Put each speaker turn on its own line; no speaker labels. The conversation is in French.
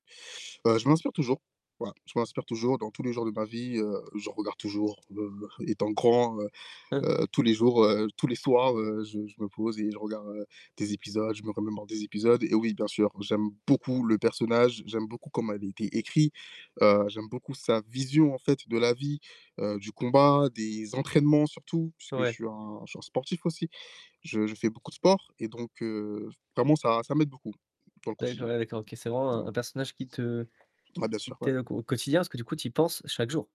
Ben je m'inspire toujours, voilà je m'inspire toujours dans tous les jours de ma vie, heu, je regarde toujours, heu, étant grand, heu
Heu
heu, tous les jours, heu, tous les soirs, heu, je je me pose et je regarde des épisodes, je me remémore des épisodes et oui bien sûr, j'aime beaucoup le personnage, j'aime beaucoup comment elle a été écrit, heu, j'aime beaucoup sa vision en fait de la vie, heu, du combat, des entraînements surtout puisque je
Ouais.
suis un je suis un sportif aussi. Je je fais beaucoup de sport et donc heu, vraiment ça ça m'aide beaucoup dans le
D'accord
quotidien.
ouais, d'accord, OK. C'est
Ouais.
vraiment un personnage qui te
Ouais bien
qui
sûr, ouais.
t'aide au quotidien, parce que du coup tu y penses chaque jour.